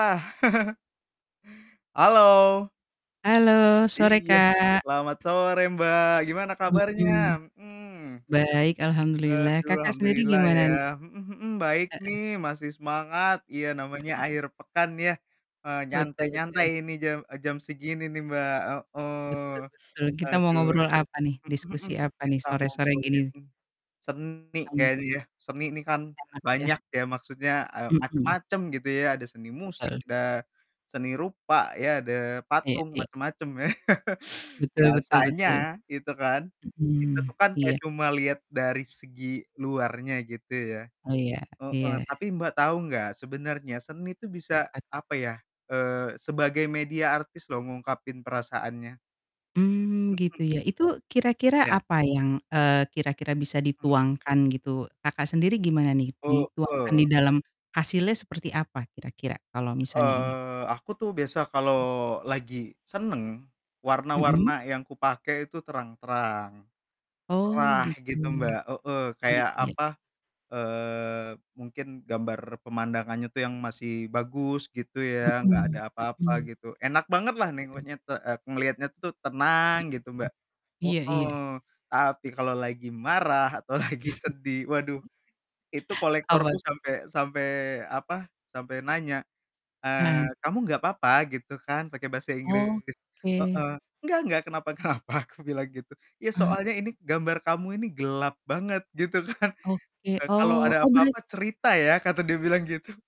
Ah. Halo. Halo, sore, Iya. Kak. Selamat sore Mbak, gimana kabarnya? Mhm. Mhm. Baik, alhamdulillah. Aduh, Kakak sendiri alhamdulillah gimana ya. nih? Mhm mhm. Baik Heeh. nih, masih semangat, iya namanya akhir pekan ya, eee, Betul nyantai-nyantai betul. ini jam, eee, jam segini nih, Mbak. Heeh, Betul betul. Kita mau aduh. ngobrol apa nih? Mhm mhm, Diskusi apa nih kita sore-sore ngobrolin gini? seni Cam kayaknya ya. Seni ini kan, Enak ya? banyak ya, maksudnya, eee, Mhm. macam-macam gitu ya. Ada seni musik, Betul. ada seni rupa, ya ada Iya patung, iya. macam-macam ya. Betul betul Biasanya betul. itu kan, kita Mhm, tuh kan kayak iya. cuma lihat dari segi luarnya gitu ya. Oh iya, Heeh, iya. tapi Mbak tahu nggak, sebenarnya seni itu bisa, Apa tuh? apa ya, eee, sebagai media artis loh ngungkapin perasaannya. Mmm, gitu Mhm. ya. Itu kira-kira Iya. apa yang, eee, kira-kira bisa Hmm. dituangkan gitu, Kakak sendiri gimana nih, dituangkan Heeh. di dalam hasilnya seperti apa kira-kira kalau misalnya ini? Eee, aku tuh biasa kalau lagi senang, Mhm. warna-warna yang kupakai itu terang-terang, Oh cerah gitu. gitu Mbak, heeh. Iya Kayak iya. apa, eee, mungkin gambar pemandangannya tuh yang masih bagus, gitu ya, nggak Mhm, ada apa-apa mhm. gitu. Enak banget lah Mhm. nengoknya te eee, ngelihatnya tuh Mhm. tenang, gitu Mbak. Iya iya. Heeh, tapi kalau lagi marah atau lagi sedih, waduh itu Apa kolektorku tuh? sampai sampai apa, sampai nanya, Heeh. eee, "Kamu nggak apa-apa?" Gitu kan pakai bahasa Inggris. Oke. Heeh "Nggak, nggak kenapa kenapa." Aku bilang gitu. "Iya Eee soalnya ini gambar kamu ini gelap banget," gitu kan. Oke. "Eee, kalau Oh ada oh berar apa-apa cerita ya." Kata dia bilang gitu.